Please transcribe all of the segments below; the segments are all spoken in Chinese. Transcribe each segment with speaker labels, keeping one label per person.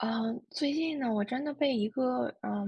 Speaker 1: 呃，最近呢，我真的被一个呃，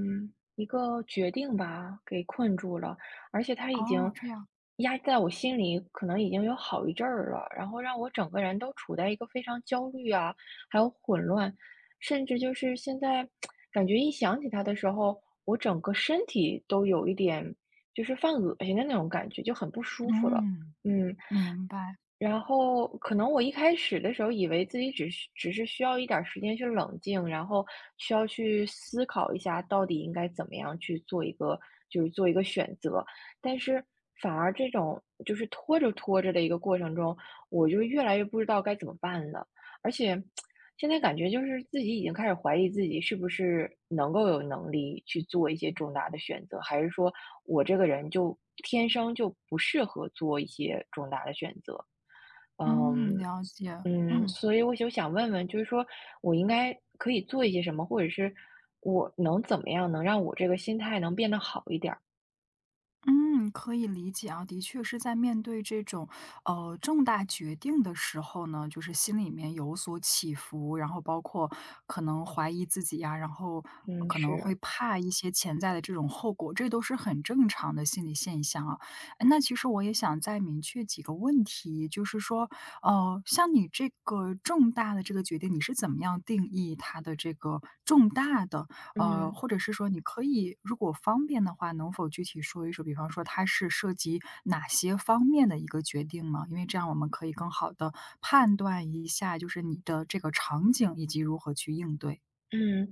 Speaker 1: 一个决定吧给困住了，而且它已经
Speaker 2: 哦，这样。
Speaker 1: 压在我心里可能已经有好一阵儿了，然后让我整个人都处在一个非常焦虑啊还有混乱，甚至就是现在 感觉一想起他的时候，我整个身体都有一点就是犯恶心的那种感觉，就很不舒服了。
Speaker 2: 嗯，
Speaker 1: 嗯，
Speaker 2: 明白。
Speaker 1: 然后，可能我一开始的时候，以为自己只是只是需要一点儿时间去冷静，然后需要去思考一下，到底应该怎么样去做一个就是做一个选择，但是反而这种就是拖着拖着的一个过程中，我就越来越不知道该怎么办了。而且 现在感觉就是自己已经开始怀疑自己是不是能够有能力去做一些重大的选择，还是说我这个人就天生就不适合做一些重大的选择。嗯，
Speaker 2: 嗯，了解。
Speaker 1: 嗯，
Speaker 2: 嗯。
Speaker 1: 所以我就想问问，就是说我应该可以做一些什么，或者是我能怎么样，能让我这个心态能变得好一点儿？
Speaker 2: 嗯，可以理解啊，的确是在面对这种，呃，重大决定的时候呢，就是心里面有所起伏，然后包括可能怀疑自己呀，然后
Speaker 1: 嗯，
Speaker 2: 可能会
Speaker 1: 是。
Speaker 2: 怕一些潜在的这种后果，这都是很正常的心理现象啊。哎，那其实我也想再明确几个问题，就是说，呃，像你这个重大的这个决定，你是怎么样定义它的这个重大的？呃，
Speaker 1: 嗯。
Speaker 2: 或者是说你可以如果方便的话，能否具体说一说，比方说它是涉及哪些方面的一个决定吗？因为这样，我们可以更好地判断一下，就是你的这个场景，以及如何去应对。
Speaker 1: 嗯，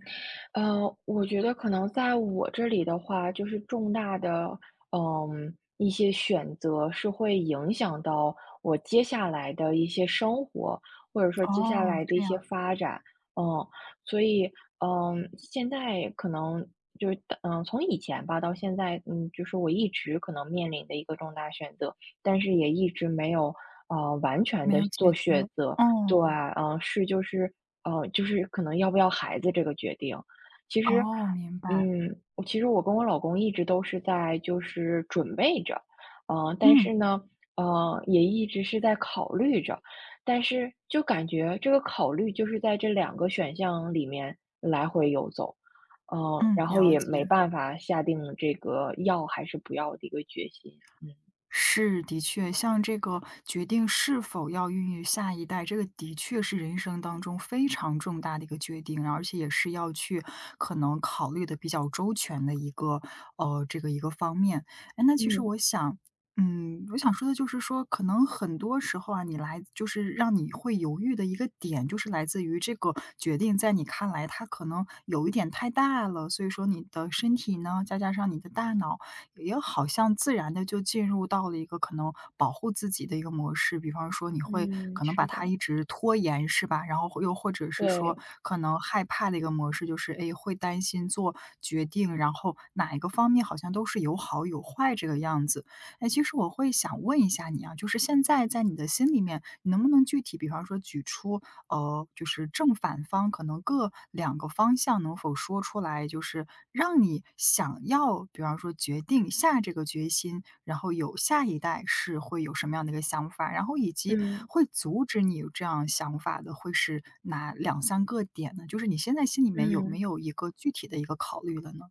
Speaker 1: 呃，我觉得可能在我这里的话，就是重大的，嗯，一些选择是会影响到我接下来的一些生活，或者说接下
Speaker 2: 哦，
Speaker 1: 来的一
Speaker 2: 这
Speaker 1: 些
Speaker 2: 样。
Speaker 1: 发展。嗯，所以，嗯，现在可能就是嗯，从以前吧，到现在，嗯，就是我一直可能面临的一个重大选择，但是也一直没有，呃，完全
Speaker 2: 没
Speaker 1: 地
Speaker 2: 有解
Speaker 1: 做
Speaker 2: 决，
Speaker 1: 选择。对，
Speaker 2: 哦。
Speaker 1: 嗯，是就是呃，就是可能要不要孩子这个决定。其实
Speaker 2: 哦，明白。
Speaker 1: 嗯，其实我跟我老公一直都是在就是准备着，嗯，但是
Speaker 2: 嗯。
Speaker 1: 呢，呃，也一直是在考虑着，但是就感觉，这个考虑就是在这两个选项里面来回游走。嗯，
Speaker 2: 嗯，
Speaker 1: 然后
Speaker 2: 了
Speaker 1: 也没
Speaker 2: 解。
Speaker 1: 办法下定这个要还是不要的一个决心。嗯。
Speaker 2: 是，的确，像这个，决定是否要孕育下一代，这个的确是人生当中非常重大的一个决定，而且也是要去可能考虑得比较周全的一个呃，这个一个方面。哎，那其实
Speaker 1: 嗯。
Speaker 2: 我想嗯，我想说的就是说，可能很多时候啊，你来就是让你会犹豫的一个点，就是来自于这个决定在你看来，它可能有一点太大了，所以说你的身体呢，再加上你的大脑，也好像自然地就进入到了一个可能保护自己的一个模式，比方说，你会
Speaker 1: 嗯，
Speaker 2: 可能把
Speaker 1: 是
Speaker 2: 它
Speaker 1: 的。
Speaker 2: 一直拖延，是吧？然后或又或者是说，
Speaker 1: 对。
Speaker 2: 可能害怕的一个模式，就是，哎，会担心做决定，然后，哪一个方面，好像都是有好有坏这个样子。哎，其实我会想问一下你啊，就是现在在你的心里面，你能不能具体比方说举出，呃，就是正反方可能各2个方向能否说出来，就是让你想要，比方说决定下这个决心，然后有下一代，是会有什么样的一个想法。然后以及，
Speaker 1: 嗯。
Speaker 2: 会阻止你有这样想法的，会是哪2-3个点呢？就是你现在心里面，有没
Speaker 1: 嗯。
Speaker 2: 有一个具体的一个考虑了呢？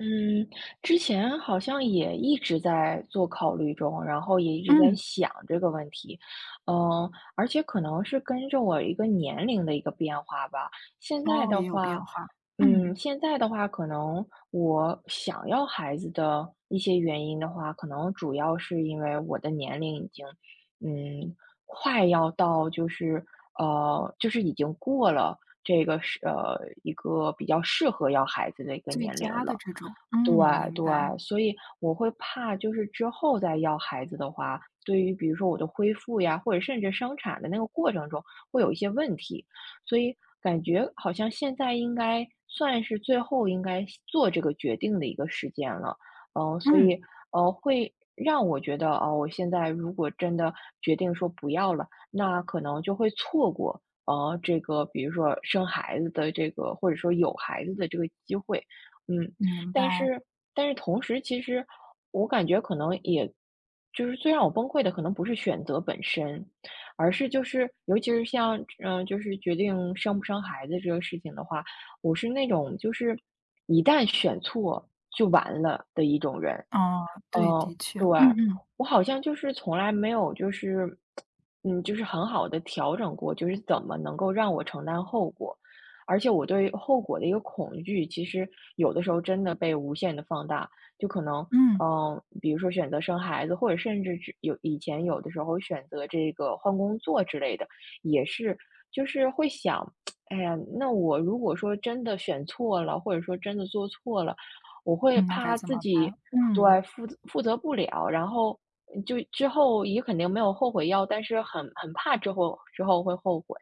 Speaker 1: 嗯，之前好像也一直在做考虑中，然后也一直在
Speaker 2: 嗯。
Speaker 1: 想这个问题，呃，而且可能是跟着我一个年龄的一个变化吧。现在
Speaker 2: 哦，
Speaker 1: 的
Speaker 2: 也有变
Speaker 1: 话
Speaker 2: 化，
Speaker 1: 嗯，
Speaker 2: 嗯。
Speaker 1: 现在的话，可能我想要孩子的一些原因的话，可能主要是因为我的年龄已经，嗯，快要到就是呃，就是已经过了这个是呃，一个比较适合要孩子的一个
Speaker 2: 最
Speaker 1: 年龄
Speaker 2: 佳的
Speaker 1: 了。
Speaker 2: 这种，
Speaker 1: 对
Speaker 2: 嗯，明
Speaker 1: 对，
Speaker 2: 白。
Speaker 1: 所以我会怕就是之后再要孩子的话，对于比如说我的恢复呀，或者甚至生产的那个过程中会有一些问题。所以感觉好像现在应该，算是最后应该下做这个决定的一个时间了。呃，所
Speaker 2: 嗯。
Speaker 1: 以，呃，会让我觉得啊，我现在如果真的决定说不要了，那可能就会错过，啊，这个比如说生孩子的这个或者说有孩子的这个机会，嗯。
Speaker 2: 明
Speaker 1: 但
Speaker 2: 白。
Speaker 1: 是但是同时其实我感觉可能也就是最让我崩溃的可能不是选择本身，而是就是尤其是像，呃，就是决定生不生孩子这个事情的话，我是那种就是“一旦选错就完了”的一种人，
Speaker 2: 哦，对，
Speaker 1: 嗯，
Speaker 2: 的确，
Speaker 1: 对，
Speaker 2: 嗯嗯。
Speaker 1: 我好像就是从来没有就是，嗯，就是很好地调整过，就是怎么能够让我承担后果？而且我对后果的一个恐惧，其实有的时候真的被无限地放大，就可能，
Speaker 2: 嗯。
Speaker 1: 呃，比如说选择生孩子，或者甚至是有以前有的时候选择这个换工作之类的也是就是会想，哎呀，那我如果说真的选错了，或者说真的做错了，我会
Speaker 2: 嗯，那该
Speaker 1: 怕
Speaker 2: 怎
Speaker 1: 自
Speaker 2: 么
Speaker 1: 己
Speaker 2: 办？嗯。
Speaker 1: 对，负责负责不了，然后嗯，就之后也肯定没有后悔药，但是很很怕之后之后会后悔。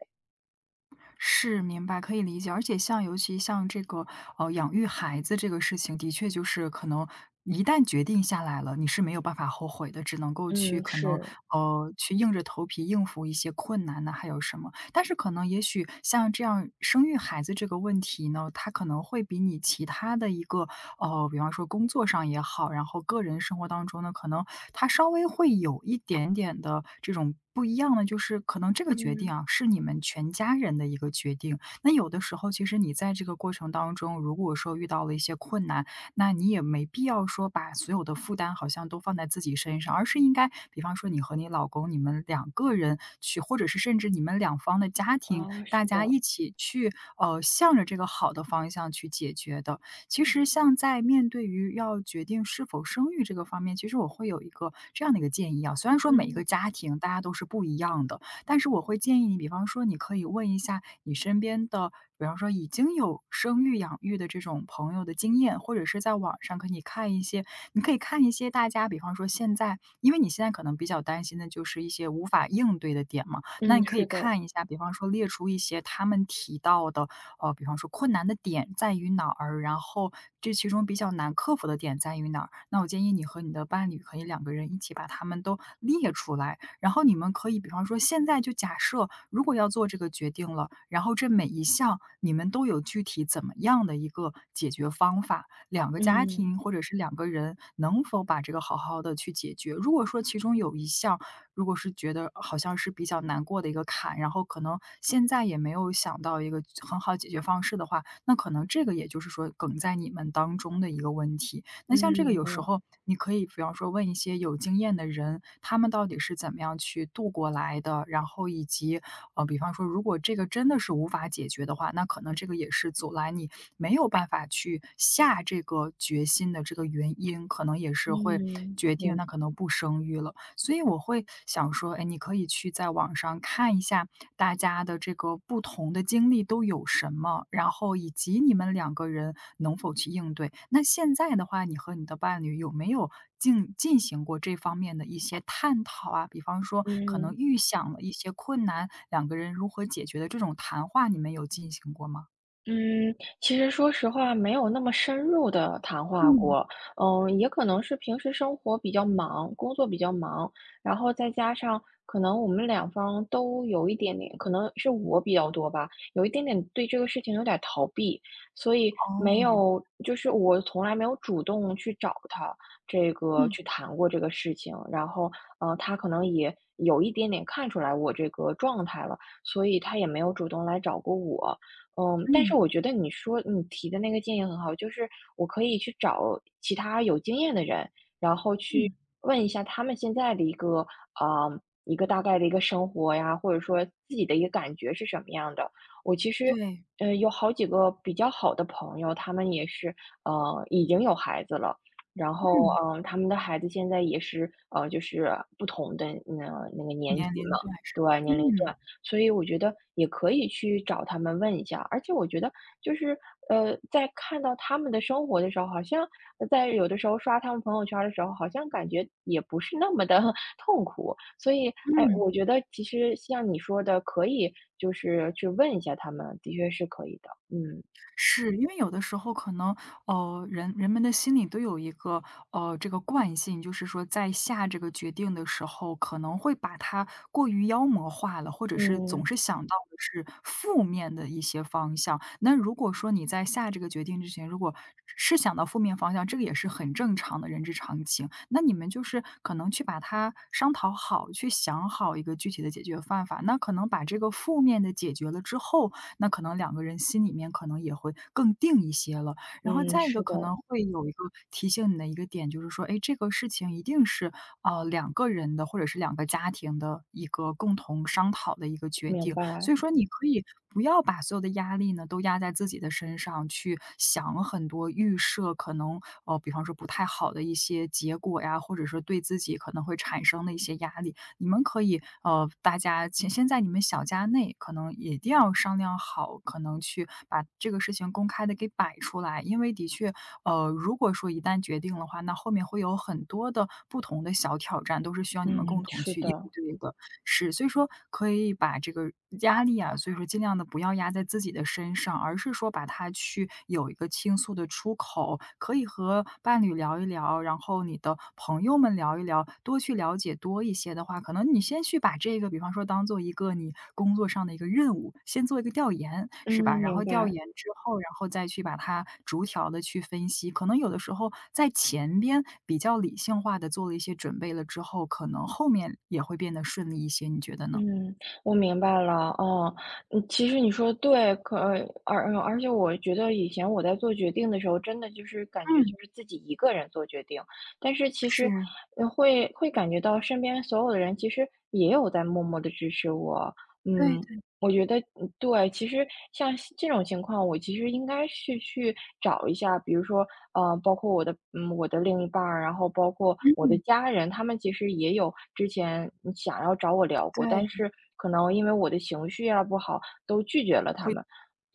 Speaker 2: 是，明白，可以理解。而且像尤其像这个，呃，养育孩子这个事情，的确就是可能，一旦决定下来了，你是没有办法后悔的。只能够去
Speaker 1: 嗯，
Speaker 2: 可能，
Speaker 1: 是。
Speaker 2: 呃，去硬着头皮应付一些困难啊，还有什么。但是可能也许像这样，生育孩子这个问题呢，它可能会比你其他的一个，呃，比方说工作上也好，然后个人生活当中呢，可能它稍微会有一点点的这种不一样的就是，可能这个决定
Speaker 1: 嗯。
Speaker 2: 啊，是你们全家人的一个决定。那有的时候，其实你在这个过程当中，如果说遇到了一些困难，那你也没必要说把所有的负担好像都放在自己身上。而是应该比方说你和你老公，你们两个人去，或者是甚至你们两方的家庭，
Speaker 1: 哦，
Speaker 2: 大
Speaker 1: 是
Speaker 2: 家
Speaker 1: 的。
Speaker 2: 一起去，呃，向着这个好的方向去解决的。其实像在面对于要决定是否生育这个方面，其实我会有一个这样的一个建议啊，虽然说每一个
Speaker 1: 嗯。
Speaker 2: 家庭大家都是不一样的。但是我会建议你比方说，你可以问一下你身边的，比方说已经有生育、养育的这种朋友的经验，或者是在网上可以看一些你可以看一些大家比方说现在因为你现在可能比较担心的就是一些无法应对的点嘛。那你
Speaker 1: 嗯，
Speaker 2: 可以
Speaker 1: 是的。
Speaker 2: 看一下，比方说列出一些他们提到的，呃，比方说困难的点在于哪儿？然后这其中比较难克服的点在于哪儿？那我建议你和你的伴侣可以两个人一起把它们都列出来，然后你们可以比方说现在就假设，如果要做这个决定了，然后这每一项你们都有具体怎么样的一个解决方法？2个家
Speaker 1: 嗯。
Speaker 2: 庭或者是2个人，能否把这个好好地去解决？如果说其中有一项，如果是觉得好像是比较难过的一个坎，然后可能现在也没有想到一个很好解决方式的话，那可能这个也就是说梗在你们当中的一个问题，那像
Speaker 1: 嗯，
Speaker 2: 这个
Speaker 1: 明
Speaker 2: 有时
Speaker 1: 白。
Speaker 2: 候，你可以比方说问一些有经验的人，他们到底是怎么样去度过来的？然后以及呃，比方说如果这个真的是无法解决的话，那可能这个也是阻拦你，没有办法去下这个决心的这个原因，可能也是会，
Speaker 1: 嗯，
Speaker 2: 决定
Speaker 1: 明
Speaker 2: 那可能不生育了。所以我会想说，哎，你可以去在网上看一下，大家的这个不同的经历都有什么？然后以及你们两个人能否去应对？那现在的话，你和你的伴侣有没有进进行过这方面的一些探讨啊？比方说，可能
Speaker 1: 嗯。
Speaker 2: 预想了一些困难，两个人如何解决的这种谈话，你们有进行过吗？
Speaker 1: 嗯，其实说实话没有那么深入地谈话
Speaker 2: 嗯。
Speaker 1: 过，嗯，也可能是平时生活比较忙，工作比较忙，然后再加上可能我们两方都有一点点可能是我比较多吧，有一点点对这个事情有点儿逃避，所以
Speaker 2: 哦，
Speaker 1: 没
Speaker 2: 明白。
Speaker 1: 有就是我从来没有主动去找他，这个
Speaker 2: 嗯。
Speaker 1: 去谈过这个事情。然后，呃，他可能也有一点点看出来我这个状态了，所以他也没有主动来找过我。嗯，但
Speaker 2: 嗯。
Speaker 1: 是我觉得你说你提的那个建议很好，就是我可以去找其他有经验的人，然后去
Speaker 2: 嗯。
Speaker 1: 问一下他们现在的一个啊，一个大概的一个生活呀，或者说自己的一个感觉是什么样的。我其实，
Speaker 2: 对。
Speaker 1: 呃，有好几个比较好的朋友，他们也是，呃，已经有孩子了。然后，
Speaker 2: 嗯。
Speaker 1: 呃，他们的孩子现在也是，啊，就是不同的那个那个年
Speaker 2: 年
Speaker 1: 级
Speaker 2: 龄
Speaker 1: 嘛，
Speaker 2: 段是吧？
Speaker 1: 对，年龄
Speaker 2: 嗯。
Speaker 1: 段，所以我觉得也可以去找他们问一下。而且我觉得就是，呃，在看到他们的生活的时候，好像呃，在有的时候刷他们朋友圈儿的时候，好像感觉也不是那么地 痛苦。所以，哎，
Speaker 2: 嗯。
Speaker 1: 我觉得其实像你说的，可以就是去问一下他们，的确是可以的，嗯。
Speaker 2: 是，因为有的时候可能，呃，人人们的心里都有一个，呃，这个惯性，就是说在下这个决定的时候，可能会把它过于妖魔化了，或者是
Speaker 1: 嗯。
Speaker 2: 总是想到的是负面的一些方向。那如果说你在下这个决定之前，如果是想到负面方向，这个也是很正常的人之常情。那你们就是可能去把它商讨好，去想好一个具体的解决办法。那可能把这个负面的解决了之后，那可能两个人心里面可能也会更定一些了。然后
Speaker 1: 嗯，
Speaker 2: 再一
Speaker 1: 是
Speaker 2: 个可
Speaker 1: 的。
Speaker 2: 能会有一个提醒你的一个点，就是说，哎，这个事情一定是，呃，两个人的，或者是两个家庭的一个共同商讨的一个决
Speaker 1: 明
Speaker 2: 定，所
Speaker 1: 白。
Speaker 2: 以说你可以不要把所有的压力呢，都压在自己的身上，去想很多预设，可能，呃，比方说不太好的一些结果呀，或者说对自己可能会产生的一些压力。你们可以呃，大家其先在你们小家内，可能也一定要商量好，可能去把这个事情公开地给摆出来。因为的确，呃，如果说一旦决定的话，那后面会有很多的不同的小挑战，都是需要你们
Speaker 1: 嗯，
Speaker 2: 共同
Speaker 1: 是
Speaker 2: 去应
Speaker 1: 的。
Speaker 2: 对的。是，所以说可以把这个压力啊，所以说尽量地不要压在自己的身上，而是说把它去有一个倾诉的出口。可以和伴侣聊一聊，然后你的朋友们聊一聊，多去了解多一些的话，可能你先去把这个比方说当做一个你工作上的一个任务，先做一个调研，
Speaker 1: 嗯，
Speaker 2: 是吧？然后
Speaker 1: 明
Speaker 2: 调
Speaker 1: 白。
Speaker 2: 研之后，然后再去把它逐条地去分析，可能有的时候在前边，比较理性化地做了一些准备了之后，可能后面也会变得顺利一些，你觉得呢？
Speaker 1: 嗯，我明白了，啊，嗯，其实你说的对，可而而而而且我觉得以前我在做决定的时候，真的就是感觉
Speaker 2: 嗯。
Speaker 1: 就是自己一个人做决定，但是其实，
Speaker 2: 是。
Speaker 1: 呃，会会感觉到身边所有的人其实也有在默默地支持我，
Speaker 2: 对
Speaker 1: 嗯，
Speaker 2: 对。
Speaker 1: 我觉得嗯，对，其实像现这种情况，我其实应该是去找一下，比如说，啊，包括我的呃，我的另一半儿，然后包括我的
Speaker 2: 嗯。
Speaker 1: 家人，他们其实也有之前，嗯，想要找我聊过，但
Speaker 2: 对。
Speaker 1: 是可能因为我的情绪啊不好，都拒绝了他
Speaker 2: 会
Speaker 1: 们。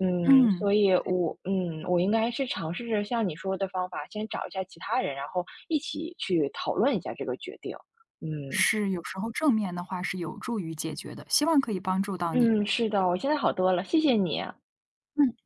Speaker 1: 嗯，
Speaker 2: 嗯，
Speaker 1: 所以
Speaker 2: 对。
Speaker 1: 我嗯，我应该是尝试着像你说的方法，先找一下其他人，然后一起去讨论一下这个决定，嗯。
Speaker 2: 是，有时候正面的话是有助于解决的，希望可以帮助到你。
Speaker 1: 嗯，是的，我现在好多了，谢谢你。
Speaker 2: 嗯。